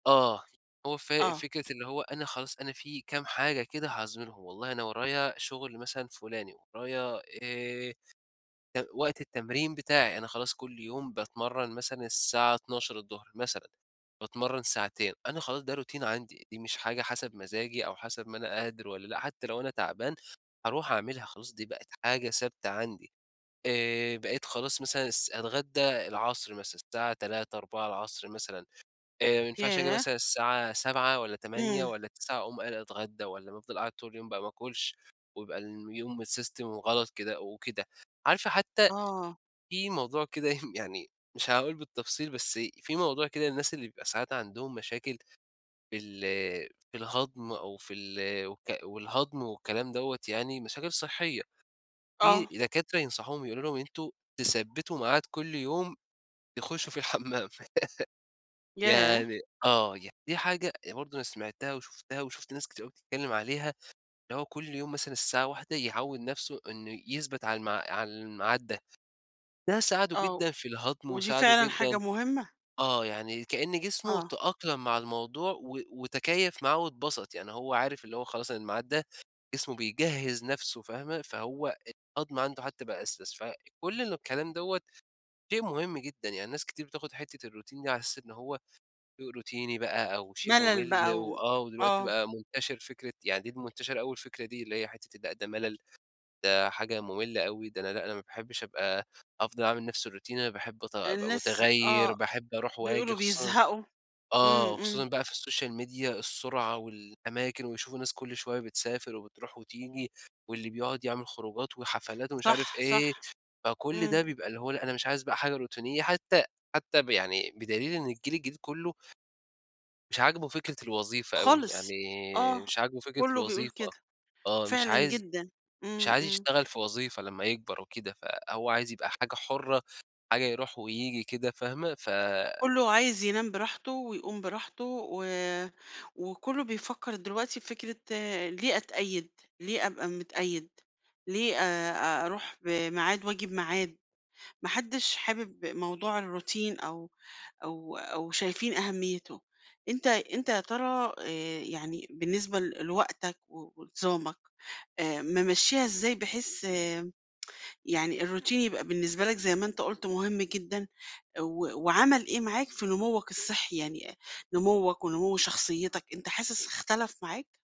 آه، هو ف آه. فكرة اللي هو أنا خلاص أنا في كام حاجة كده هاظهرهم والله أنا ورايا شغل مثلًا فلاني، ورايا آآ، وقت التمرين بتاعي، أنا خلاص كل يوم باتمرّن مثلًا الساعة 12:00 مثلًا، باتمرن ساعتين، أنا خلاص ده روتين عندي، دي مش حاجة حسب مزاجي أو حسب ما أنا قادر والَّا لأ، حتى لو أنا تعبان هاروح أعملها خلاص دي بقِت حاجة ثابتة عندي، آآ، بقيت خلاص مثلًا الس أتغدى العصر مثلًا، الساعة 15:00، 16:00 مثلًا، آآ، ما ينفعش آجي ياه! مثلًا الساعة 19:00 والَّا 20:00 امم. والَّا 21:00 أقوم قايل أتغدى، والَّا أفضل قاعد طول يوم بقى ما آكُلش ويبقى يوم الsystem وغلط كده أو كده، عارفة حتى آه. في موضوع كده يعني مش هاقول بالتفصيل بس في موضوع كده الناس اللي بيبقى ساعات عندهم مشاكل في ال في الهضم أو في ال و والهضم والكلام دوَّة يعني مشاكل صحية، في آه. دكاترة ينصحوهم يقولوا لهم أنتم تثبِّتوا ميعاد كل يوم تخشّوا في الحمّام، ياه! يعني آه، يعني دي حاجة برضه أنا سمعتها وشُفتها وشُفت ناس كتير أوي بتتكلِّم عليها، اللي هو كل يوم مثلًا الساعة 13:00 يعوِّد نفسُه إنه يثبت على على الميعاد ده، ده ساعدُه آه، جدًا في الهضم ودي وساعدُه فعلًا حاجة جدًا مهمة؟ آه يعني كأن جسمُه آه. تأقلَم مع الموضوع، و وتكيَّف معاه واتبسط، يعني هو عارف اللي هو خلاص الميعاد ده جسمُه بيجهِّز نفسُه فاهمة، فهو الهضم عنده حتى بقى [unintelligible] فكل الكلام دوَّة شيء مهم جدًا، يعني ناس كتير بتاخد حتة الروتين دي على أساس إن هو شيء روتيني بقى أو شيء ملل ممل بقى و و آه دلوقتي آه. بقى منتشر فكرة يعني دي منتشرة أوي الفكرة دي، اللي هي حتة لأ ده ملل ده حاجة مملة أوي، ده أنا لأ أنا ما باحبش أبقى أفضل أعمل نفس الروتين أنا باحب أتغ أبقى الناس متغير، آه، باحب أروح وآجي بيقولوا خصوصًا بيزهقوا، آه امم، وخصوصًا امم. بقى في السوشيال ميديا السرعة والأماكن ويشوفوا ناس كل شوية بتسافر، وبتروح وتيجي، واللي بيقعد يعمل خروجات وحفلات، ومش عارف صح، إيه، صح، فكل ده امم. بيبقى اللي هو لأ أنا مش عايز بقى حاجة روتينية حتى حتى يعني بدليل إن الجيل الجديد كلُّه مش عاجبُه فكرة الوظيفة أوي، خالص، يعني آه، مش عاجبُه فكرة كلُّه بيقول الوظيفة، كده، آه مش فعلًا عايز جدًا، مش امم، عايز امم. يشتغل في وظيفة لمّا يكبر وكده، فهو عايز يبقى حاجة حُرّة، حاجة يروح وييجي كده، فاهمة ف كلُّه عايز ينام براحته ويقوم براحته، و وكلُّه بيفكّر دلوقتي في فكرة ليه أتقيد؟ ليه أبقى متقيد، ليه آآ، أروح بميعاد وآجي بميعاد، ما حدش حابب موضوع الروتين أو أو أو شايفين أهميتُه، أنت أنت يا ترى آآ، يعني بالنسبة ل لوقتك و ونظامك آآ، ممشّيها إزاي بحيث يعني الروتين يبقى بالنسبة لك زي ما أنت قلت مهم جدًا، و وعمل إيه معاك، في نموّك الصحي يعني نموّك ونموّ شخصيتك أنت حاسس اختلف معاك؟